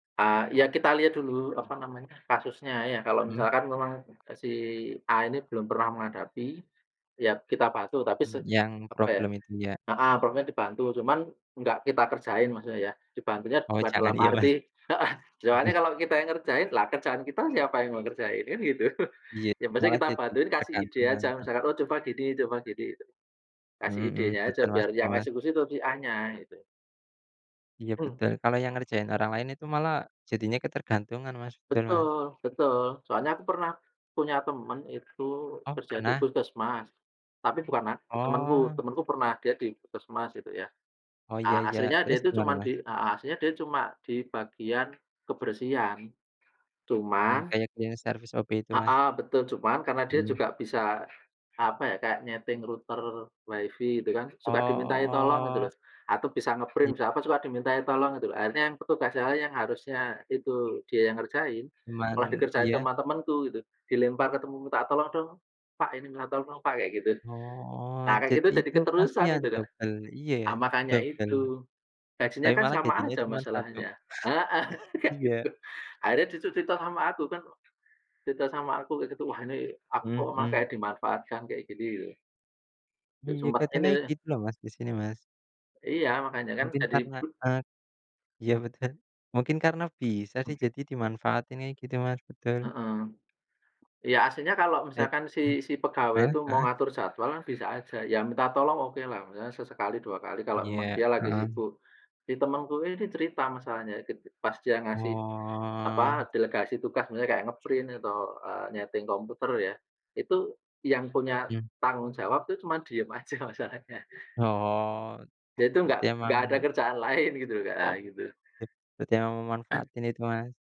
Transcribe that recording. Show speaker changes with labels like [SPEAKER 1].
[SPEAKER 1] Ah, iya kita lihat dulu, apa namanya, kasusnya iya, kalau
[SPEAKER 2] Hmm.
[SPEAKER 1] misalkan memang e si A ini belum pernah menghadapi, ya kita bantu tapi
[SPEAKER 2] Hmm,
[SPEAKER 1] se
[SPEAKER 2] yang
[SPEAKER 1] apa ya
[SPEAKER 2] problem itu ya?
[SPEAKER 1] heeh, pokoknya dibantu cuman enggak kita kerjain maksudnya ya. Dibantunya
[SPEAKER 2] Oh
[SPEAKER 1] cuma
[SPEAKER 2] jangan,
[SPEAKER 1] dalam
[SPEAKER 2] iya
[SPEAKER 1] arti
[SPEAKER 2] Mas.
[SPEAKER 1] heeh, soalnya
[SPEAKER 2] Bagus.
[SPEAKER 1] kalau kita yang ngerjain lah kerjaan kita siapa yang mau ngerjain? Kan gitu.
[SPEAKER 2] Iya,
[SPEAKER 1] Ya maksudnya
[SPEAKER 2] malah
[SPEAKER 1] kita
[SPEAKER 2] jadi
[SPEAKER 1] bantuin kasih ide
[SPEAKER 2] ketergantungan,
[SPEAKER 1] aja
[SPEAKER 2] heeh.
[SPEAKER 1] misalkan, "Oh coba gini coba gini" gitu. Kasih
[SPEAKER 2] Mhm,
[SPEAKER 1] idenya aja
[SPEAKER 2] betul Mas
[SPEAKER 1] biar
[SPEAKER 2] betul,
[SPEAKER 1] yang
[SPEAKER 2] Mas.
[SPEAKER 1] eksekusi itu si A-nya gitu.
[SPEAKER 2] Iya betul, kalau yang ngerjain orang lain itu malah jadinya ketergantungan Mas, betul Mas.
[SPEAKER 1] Betul betul, soalnya aku pernah punya temen itu
[SPEAKER 2] Oh,
[SPEAKER 1] kerja di
[SPEAKER 2] pernah?
[SPEAKER 1] puskesmas tapi bukan ak temanku,
[SPEAKER 2] Oh.
[SPEAKER 1] temanku pernah dia di puskesmas gitu ya.
[SPEAKER 2] Oh iya
[SPEAKER 1] A
[SPEAKER 2] iya,
[SPEAKER 1] aslinya dia
[SPEAKER 2] terus
[SPEAKER 1] itu
[SPEAKER 2] gimana,
[SPEAKER 1] cuman di
[SPEAKER 2] Mas?
[SPEAKER 1] ah hah, aslinya dia cuma di bagian kebersihan.
[SPEAKER 2] Hmm,
[SPEAKER 1] Cuman
[SPEAKER 2] kayak cleaning service, OB itu,
[SPEAKER 1] Ah
[SPEAKER 2] Mas?
[SPEAKER 1] hah, betul, cuman karena dia
[SPEAKER 2] Iya.
[SPEAKER 1] juga bisa, apa ya, kayak nyeting router Wi-Fi gitu kan suka dimintai tolong gitu
[SPEAKER 2] Oh.
[SPEAKER 1] loh, atau bisa nge-print,
[SPEAKER 2] Ja
[SPEAKER 1] bisa apa, suka dimintai tolong gitu loh. Akhirnya yang petugasnya yang lain yang harusnya itu dia yang ngerjain, malah
[SPEAKER 2] Cuman
[SPEAKER 1] dikerjain
[SPEAKER 2] iya.
[SPEAKER 1] sama temenku gitu, dilempar ke temen, "Minta tolong dong pak ini minta tolong pak" kayak gitu,
[SPEAKER 2] Oh,
[SPEAKER 1] nah kayak gitu
[SPEAKER 2] jadi
[SPEAKER 1] jadi
[SPEAKER 2] itu
[SPEAKER 1] keterusan
[SPEAKER 2] kasihan
[SPEAKER 1] itu, Kak.
[SPEAKER 2] dobel, iya ya
[SPEAKER 1] Nah makanya
[SPEAKER 2] dobel.
[SPEAKER 1] itu, gajinya
[SPEAKER 2] Tapi
[SPEAKER 1] kan
[SPEAKER 2] malah
[SPEAKER 1] sama
[SPEAKER 2] gajinya
[SPEAKER 1] aja
[SPEAKER 2] cuma 1
[SPEAKER 1] masalahnya heeh, kayak
[SPEAKER 2] Iya.
[SPEAKER 1] gitu. Akhirnya dia tuh cerita sama aku kan, cerita sama aku kayak gitu, "Wah ini aku kok
[SPEAKER 2] Mhm
[SPEAKER 1] malah
[SPEAKER 2] mhm.
[SPEAKER 1] kayak dimanfaatkan kayak gini," gitu. Kek
[SPEAKER 2] Iya
[SPEAKER 1] sumbat
[SPEAKER 2] kadang kayak
[SPEAKER 1] ini.
[SPEAKER 2] gitu loh Mas, di sini Mas.
[SPEAKER 1] Iya, makanya kan
[SPEAKER 2] Mungkin
[SPEAKER 1] jadi
[SPEAKER 2] karena,
[SPEAKER 1] be
[SPEAKER 2] e iya betul, mungkin karena bisa sih jadi dimanfaatin kayak gitu Mas, betul.
[SPEAKER 1] Heeh. Iya aslinya kalau
[SPEAKER 2] Baik,
[SPEAKER 1] misalkan si
[SPEAKER 2] mhm.
[SPEAKER 1] si pegawai
[SPEAKER 2] Heeh
[SPEAKER 1] itu mau
[SPEAKER 2] heeh.
[SPEAKER 1] ngatur jadwal kan bisa aja, ya minta tolong okelah misalnya sesekali, 2 kali kalau memang
[SPEAKER 2] Iya,
[SPEAKER 1] dia lagi
[SPEAKER 2] heeh.
[SPEAKER 1] sibuk. Jadi temenku ini cerita masalahnya, ket pas dia ngasih, apa,
[SPEAKER 2] Oh.
[SPEAKER 1] delegasi tugas misalnya kayak nge-print atau, eee, nyeting komputer ya, itu yang punya
[SPEAKER 2] Iya.
[SPEAKER 1] tanggung jawab itu cuma diem aja masalahnya.
[SPEAKER 2] Oh,
[SPEAKER 1] Dia itu enggak
[SPEAKER 2] berarti emang
[SPEAKER 1] enggak ada kerjaan lain gitu loh Kak, nah gitu.
[SPEAKER 2] Be berarti emang memanfaatin itu, Mas.